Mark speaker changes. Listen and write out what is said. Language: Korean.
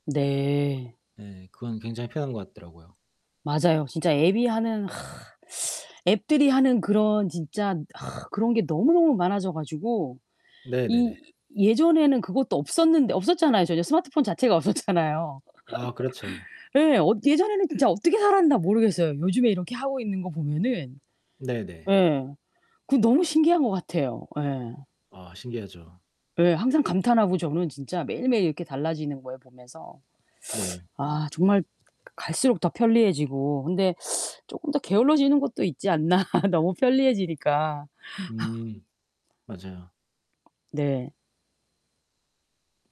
Speaker 1: 네.
Speaker 2: 예. 그건 굉장히 편한 것 같더라고요.
Speaker 1: 맞아요, 진짜 앱이 하는 앱들이 하는 그런 진짜 그런 게 너무너무 많아져 가지고
Speaker 2: 네네네.
Speaker 1: 이 예전에는 그것도 없었는데 없었잖아요 전혀. 스마트폰 자체가 없었잖아요.
Speaker 2: 아 그렇죠.
Speaker 1: 예. 어 예전에는 진짜 어떻게 살았나 모르겠어요 요즘에 이렇게 하고 있는 거 보면은.
Speaker 2: 네네.
Speaker 1: 예. 그 너무 신기한 것 같아요. 예
Speaker 2: 아 신기하죠.
Speaker 1: 예. 항상 감탄하고 저는 진짜 매일매일 이렇게 달라지는 거예요, 보면서.
Speaker 2: 네.
Speaker 1: 아 정말 가 갈수록 더 편리해지고 근데 쪼끔 더 게을러지는 것도 있지 않나? 너무 편리해지니까.
Speaker 2: 음. 맞아요.
Speaker 1: 네.